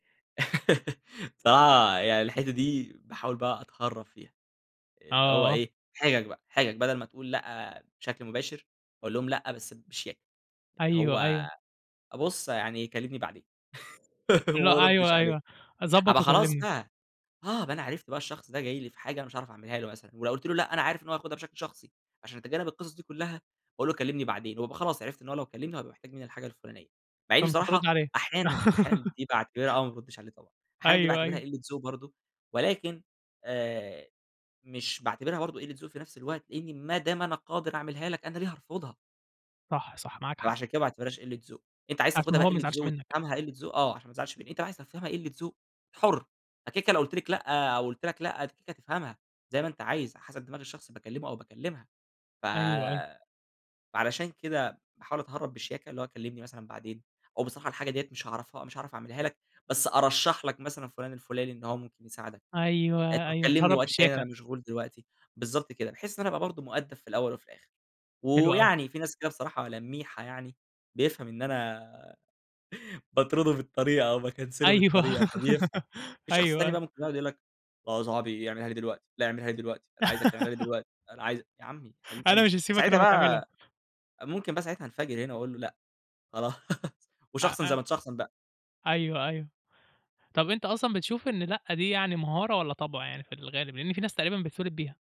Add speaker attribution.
Speaker 1: الصراحة يعني الحتّة دي باحاول بقى أتهرَّب فيها، اللي هو
Speaker 2: آه.
Speaker 1: إيه، حجَج بقى، حجَج بدل ما تقول لأ بشكل مباشِر، أقول لهُم لأ بس بشياكة، اللي
Speaker 2: أيوه،
Speaker 1: هو
Speaker 2: أيوه.
Speaker 1: بُص يعني كلِّمني بعدين.
Speaker 2: لأ اللي هو
Speaker 1: وما ارُدِّش
Speaker 2: أيوه
Speaker 1: عليه،
Speaker 2: أيوه،
Speaker 1: أبقى
Speaker 2: ضبط
Speaker 1: خلاص
Speaker 2: وكلمني.
Speaker 1: بقى، آه أبقى، أنا عرِفت بقى الشخص ده جاي لي في حاجة أنا مش هاعرَف أعمِلها له مثلًا، ولو قُلت له لأ، أنا عارِف إن هو ياخُدها بشكل شخصي. عشان أتجنَّب القصص دي كلها باقول له: "كلِّمني بعدين." وابقى خلاص، عرِفت إن هو لو كلَّمني هيبقى محتاج مني الحاجة الفلانية. مع إني
Speaker 2: فمش هترد
Speaker 1: بصراحة
Speaker 2: عليه.
Speaker 1: أحيانًا أحيانًا دي باعتبِرها آه، ما بارُدِّش عليه، طبعًا أحيانًا دي
Speaker 2: أيوه
Speaker 1: باعتبِرها
Speaker 2: أيوه.
Speaker 1: قِلَّة ذوق برضه، ولكن آآ، مش باعتبِرها برضه قِلَّة ذوق في نفس الوقت، لإني ما دام أنا قادِر أعمِلها لك، أنا ليه هارفُضها؟
Speaker 2: صح صح، معاك حق.
Speaker 1: عشان كده ما باعتبِرهاش قِلَّة ذوق. أنتَ عايِز
Speaker 2: عشان
Speaker 1: تاخُدها
Speaker 2: ما
Speaker 1: بقى
Speaker 2: هو ما
Speaker 1: قِلَّة
Speaker 2: يزعلش
Speaker 1: ذوق،
Speaker 2: منك.
Speaker 1: وتفهَمها قِلَّة ذوق آه، عشان ما تزعَلش مني. أنتَ عايِز تفهَمها قِلَّة ذوق أنتَ حُر أكيد. أنا لو قُلت لكِ لأ أو قُلت لكَ لأ، أنتَ تفهَمها زي ما أنتَ عايِز، حسب دماغ الشخص اللي باكلِّمه أو باكلِّمها. ف
Speaker 2: أيوه، أيوه.
Speaker 1: فعلشان كده باحاول أتهرَّب بشياكة، اللي هو كلِّمني مثلًا بعدين، أو بصراحة الحاجة دي مش هاعرِفها مش هاعرَف أعمِلها لكَ، بس أرشَّح لك مثلًا فلان الفلاني إن هو ممكن يساعِدك. آآ،
Speaker 2: أيوه،
Speaker 1: طب
Speaker 2: أيوه،
Speaker 1: كلِّمني
Speaker 2: اتهرب
Speaker 1: وقت تاني، أنا
Speaker 2: بشياكة.
Speaker 1: مشغول دلوقتي. بالضبط كده، بحيث إن أنا أبقى برضه مؤدَّب في الأوَّل وفي الآخِر.
Speaker 2: حلو أوي.
Speaker 1: ويعني في ناس كده بصراحة لَميحة يعني، بيفهَم إن أنا باطرُده بالطريقة أو باكنسِله
Speaker 2: أيوه،
Speaker 1: بالطريقة، فبيفهَم. في شخص
Speaker 2: أيوه
Speaker 1: تاني بقى
Speaker 2: أيوه.
Speaker 1: ممكن يقعُد يقول لك: "آه يا صاحبي اعمِلها لي دلوقتي، لا أعمِلها لي دلوقتي، أنا عايزَك تعمِلها لي دلوقتي، لأ أنا عايزَك". يا عمي يا حبيب
Speaker 2: أنا مش
Speaker 1: قلبي
Speaker 2: هاسيبك إلا
Speaker 1: فساعتها
Speaker 2: أمّا تعملها.
Speaker 1: بقى ممكن بقى ساعتها انفجَر هنا وأقول له: "لأ، خلاص."
Speaker 2: أ
Speaker 1: وشخصن زي
Speaker 2: أ
Speaker 1: ما تشخصن بقى.
Speaker 2: أيوه أيوه، طب أنت أصلًا بتشوف إن لأ دي يعني مهارة والّا طبع، يعني في الغالب، لأن في ناس تقريبًا بتتولد بيها؟